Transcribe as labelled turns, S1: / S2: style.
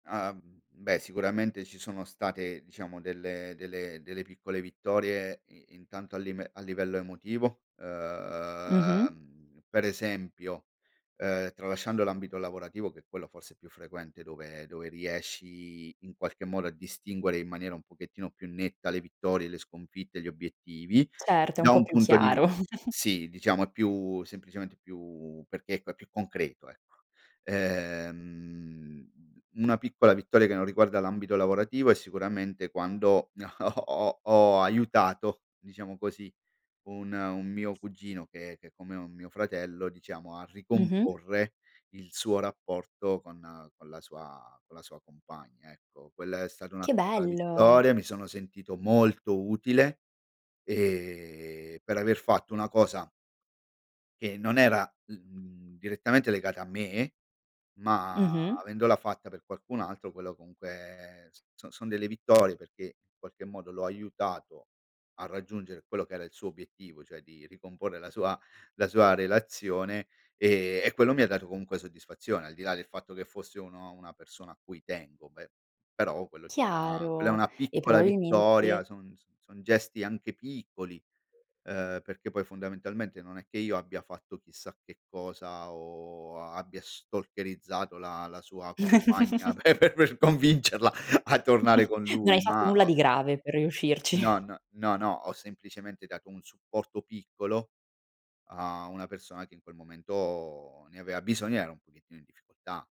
S1: Ah, mhmm, beh sicuramente ci sono state, diciamo, delle delle delle piccole vittorie i intanto a lime a livello emotivo,
S2: Mh-mh.
S1: ehm, per esempio, ehm, tralasciando l'ambito lavorativo che è quello forse più frequente dove dove riesci in qualche modo a distinguere in maniera un pochettino più netta le vittorie, le sconfitte, gli obiettivi,
S2: Certo, è un
S1: da
S2: po'
S1: un
S2: più
S1: punto di vi
S2: chiaro.
S1: sì, diciamo è più semplicemente più perché, ecco, è più concreto, ecco. Ehm, una piccola vittoria che non riguarda l'ambito lavorativo è sicuramente quando ho ho aiutato, diciamo così, un un mio cugino che è che è come un mio fratello diciamo, a
S2: Mh-mh.
S1: ricomporre il suo rapporto con con la sua con la sua compagna, ecco. Quella è stata una
S2: Che
S1: piccola
S2: bello!
S1: vittoria, mi sono sentito molto utile, ehm, per aver fatto una cosa che non era, l mhmm, direttamente legata a me, ma
S2: Mh-mh.
S1: avendola fatta per qualcun altro, quello comunque s so son delle vittorie, perché in qualche modo l'ho aiutato a raggiungere quello che era il suo obiettivo, cioè di ricomporre la sua la sua relazione, ehm, e quello mi ha dato comunque soddisfazione, al di là del fatto che fosse uno una persona a cui tengo, beh però quello ti dà quella è
S2: Chiaro.
S1: una
S2: E
S1: piccola
S2: probabilmente
S1: vittoria, son son son gesti anche piccoli, ehm, perché poi fondamentalmente non è che io abbia fatto chissà che cosa o a abbia stalkerizzato la la sua compagna pe per convincerla a tornare con
S2: No hai
S1: lui,
S2: fatto
S1: ma
S2: nulla
S1: ho
S2: di grave per riuscirci.
S1: No, n no, no, ho semplicemente dato un supporto piccolo a una persona che in quel momento ne aveva bisogno, era un pochettino in difficoltà.